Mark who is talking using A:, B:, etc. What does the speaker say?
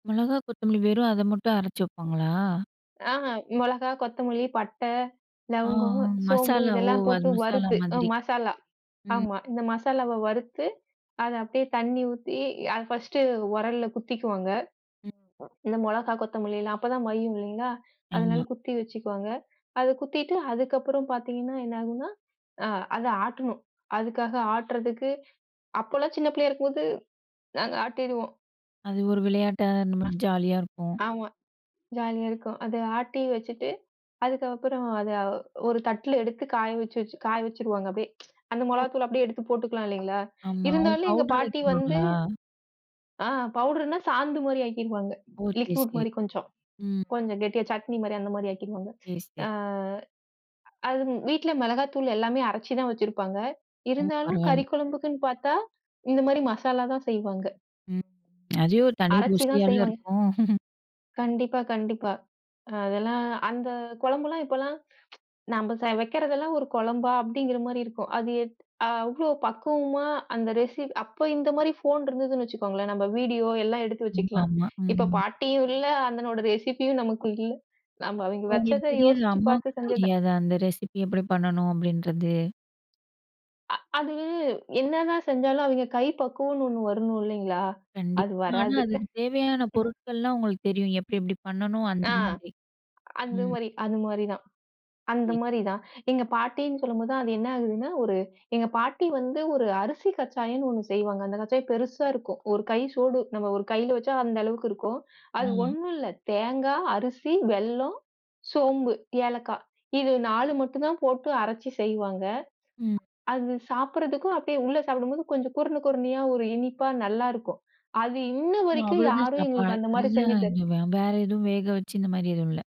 A: மொளகா, கொத்தமல்லி வெறும் அத மட்டும் அரைச்சு வைப்பாங்களா?
B: ஆஹ, மொளகா, கொத்தமல்லி, பட்ட,
A: ஆஹ்
B: லவங்கம்,
A: உ
B: சோம்பு
A: மசாலா, ஓ!
B: இதெல்லாம்
A: அது
B: போட்டு
A: மசாலா
B: வறுத்து, அ
A: மாதிரி.
B: மசாலா,
A: ம்.
B: ஆமா, இந்த மசாலாவ வறுத்து, அத அப்டியே தண்ணீ ஊத்தி, அத ஃபஸ்ட்டு உரல்ல குத்திக்குவாங்க.
A: ம்.
B: இந்த மொளகா, கொத்தமல்லி எல்லாம் அப்பதான் மய்யும் இல்லைங்களா, அதனால
A: ஆமா.
B: குத்தி வச்சுக்குவாங்க. அத குத்திட்டு, அதுக்கப்புறம் பாத்தீங்கன்னா, என்னா ஆகும்ன்னா அ, அத ஆட்டணும். அதுக்காக ஆட்டுறதுக்கு, அப்பல்லாம் சின்னப் பிள்ளையா இருக்கும்போது, நாங்க ஆட்டிடுவோம்.
A: அது ஒரு விளையாட்டா
B: அ
A: நம்மளுக்கு ஜாலியா இருக்கும்.
B: ஆமா. ஜாலியா இருக்கும். அத ஆட்டி வச்சிட்டு, அதுக்கப்புறம் அத ஒரு தட்ல எடுத்து காய வச்சி வச்சி காய வச்சிருவாங்க அப்டியே. அந்த
A: ஒ!
B: மொளகாய்த்தூள்ல அப்டியே எடுத்துப் போட்டுக்கலாம் இல்லைங்களா,
A: ஆமா. ஓ,
B: இருந்தாலும் எங்க
A: பவுடர்
B: பாட்டி வந்து
A: ஆக்கிருவாங்களா?
B: ஆஹ் பவுடர்ன்னா, சாந்து மாரி ஆக்கிருவாங்க.
A: ஓ! சரி,
B: லிக்குட்
A: சரி.
B: மாரி கொஞ்சம்.
A: ம்.
B: கொஞ்சம் கெட்டியா சட்னி மாரி அந்த மாரி ஆக்கிருவாங்க.
A: சரி, சரி.
B: அ அது ம் வீட்டுல மொளகாத்தூளு எல்லாமே அரைச்சுதான் வச்சிருப்பாங்க.
A: ஓ!
B: இருந்தாலும்
A: பரவால்ல.
B: கறி குழம்புக்குன்னு பாத்தா, இந்த மாரி மசாலா தான் செய்வாங்க.
A: ம். அதே ஒரு தனி
B: அரைச்சுதான்
A: ருசியால
B: செய்வாங்க.
A: இருக்கும்.
B: கண்டிப்பா, கண்டிப்பா. அதெல்லாம், அந்த கொழம்பெல்லாம் இப்பல்லாம் நம்ப ச வைக்கிறது எல்லாம் ஒரு கொழம்பா? அப்டிங்கிற மாரி இருக்கும். அது எத் அவ்வளோ பக்குவமா அந்த ரெஸி அப்ப இந்த மாரி ஃபோன் இருந்ததுன்னு வச்சுக்கோங்களேன், நம்ப வீடியோ எல்லாம் எடுத்து
A: ம்,
B: வச்சுக்கலாம்.
A: ஆமா,
B: இப்ப
A: ம்.
B: பாட்டியும் இல்ல, அந்தனோட ரெசிப்பியும் நமக்கு இல்ல. நம்ப அவய்ங்க
A: இப்ப
B: வச்சத
A: உங்களுக்குத் தெரியறது,
B: யோசிச்சு
A: அம்மாக்கு
B: பாத்துச் செஞ்சது தான்.
A: தெரியாதா? அந்த ரெசிபி எப்படி பண்ணனும் அப்படின்றது?
B: அ அது என்னதான் செஞ்சாலும், அவய்ங்க கைப்பக்குவம்ன்னு ஒண்ணு வரணும் இல்லைங்களா,
A: கண்டிப்பா.
B: அது
A: ஆனா
B: வராது.
A: அதுக்கு தேவையான பொருட்கள்லாம் உங்களுக்குத் தெரியும். எப்டி எப்டி பண்ணனும், அந்த
B: ஆ
A: மாதிரி.
B: அந்த
A: ம்.
B: மாரி, அது மாரிதான். அந்த
A: [unintelligible]
B: மாரிதான். எங்க பாட்டின்னு சொல்லும்போது தான், அது என்ன ஆகுதுன்னா ஒரு எங்க பாட்டி வந்து ஒரு அரிசி கச்சாயன்னு ஒண்ணு செய்வாங்க. அந்தக் கச்சாயம் பெருசா இருக்கும். ஒரு கை சோடு, நம்ம ஒரு கையில வச்சா அந்த அளவுக்கு இருக்கும். அது
A: ஆ.
B: ஒண்ணும் இல்ல. தேங்கா, அரிசி, வெல்லம், சோம்பு, ஏலக்காய் இது 4 மட்டும் தான் போட்டு அரைச்சு செய்வாங்க.
A: ம்.
B: அது சாப்பிடறதுக்கும் அப்டியே, உள்ள சாப்பிடும்போது கொஞ்சம் குறுண, குறுணயா, ஒரு இனிப்பா நல்லா இருக்கும். அது இன்ன
A: ஒ!
B: வரைக்கும்
A: அவ்வளதான்
B: யாரும்
A: சாப்பாடா?
B: எங்களுக்கு அந்த மாரி
A: அதுதான்.
B: செஞ்சி
A: இங்க
B: தரக்
A: வ வேற எதுவும் வேகவச்சி, இந்த மாரி எதுவும் இல்ல?